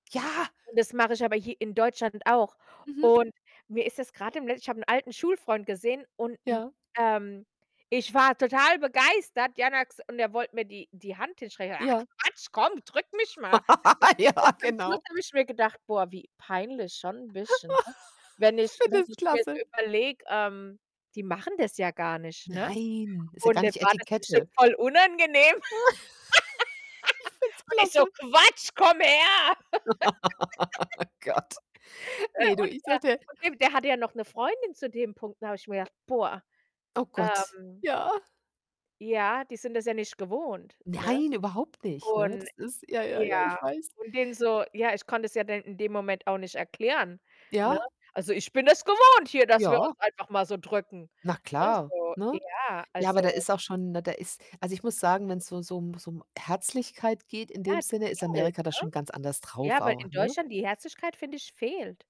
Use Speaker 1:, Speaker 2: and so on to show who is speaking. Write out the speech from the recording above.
Speaker 1: Ja.
Speaker 2: Und das mache ich aber hier in Deutschland auch
Speaker 1: Mhm.
Speaker 2: und mir ist jetzt grad dem le ich habe 'n alten Schulfreund gesehen und, hm,
Speaker 1: Ja.
Speaker 2: ähm, ich war total begeistert, [unintelligible] und er wollte mir die die Hand hinsstrecken. „Ach
Speaker 1: Ja.
Speaker 2: Quatsch, komm, drück mich mal“, [unintelligible]
Speaker 1: Ja,
Speaker 2: zum Schluss
Speaker 1: genau.
Speaker 2: habe ich mir gedacht: „Boah, wie peinlich schon 'n bisschen“, ne? Wenn ich
Speaker 1: finde
Speaker 2: wenn
Speaker 1: ich
Speaker 2: ich mir's
Speaker 1: klasse.
Speaker 2: überlege, ähm, die machen das ja gar nicht, ne,
Speaker 1: Nein, ist ja
Speaker 2: und
Speaker 1: gar
Speaker 2: dem
Speaker 1: nicht
Speaker 2: war das bestimmt
Speaker 1: Etikette.
Speaker 2: voll unangenehm.
Speaker 1: Ich find's
Speaker 2: Und ich so:
Speaker 1: klasse.
Speaker 2: „Quatsch, komm her.“
Speaker 1: Oh Gott.
Speaker 2: Äh,
Speaker 1: Ne, du,
Speaker 2: und,
Speaker 1: ich
Speaker 2: äh,
Speaker 1: dachte
Speaker 2: von dem der hatte ja noch 'ne Freundin zu dem Punkt, da habe ich mir gedacht: „Boah,
Speaker 1: Oh Gott.
Speaker 2: ähm“
Speaker 1: Ja.
Speaker 2: „ja, die sind das ja nicht gewohnt“, ne?
Speaker 1: Nein, überhaupt nicht, ne?
Speaker 2: Und
Speaker 1: Das ist ja, ja, ja,
Speaker 2: ja,
Speaker 1: ich weiß.
Speaker 2: und dem so ja, ich konnte es ja dann in dem Moment auch nicht erklären, ne?
Speaker 1: Ja?
Speaker 2: Also, ich bin es gewohnt hier, dass wir uns
Speaker 1: Ja.
Speaker 2: einfach mal so drücken,
Speaker 1: Na
Speaker 2: ne,
Speaker 1: klar,
Speaker 2: so
Speaker 1: ne?
Speaker 2: ja,
Speaker 1: Ja, aber
Speaker 2: also
Speaker 1: da ist auch schon ne, da ist also ich muss sagen, wenn's so so um so um Herzlichkeit geht in
Speaker 2: Ja,
Speaker 1: dem
Speaker 2: die
Speaker 1: Sinne, ist
Speaker 2: fehlt,
Speaker 1: Amerika da
Speaker 2: ne?
Speaker 1: schon ganz anders drauf
Speaker 2: Ja, weil
Speaker 1: auch,
Speaker 2: in
Speaker 1: ne?
Speaker 2: Deutschland die Herzlichkeit, finde ich, fehlt.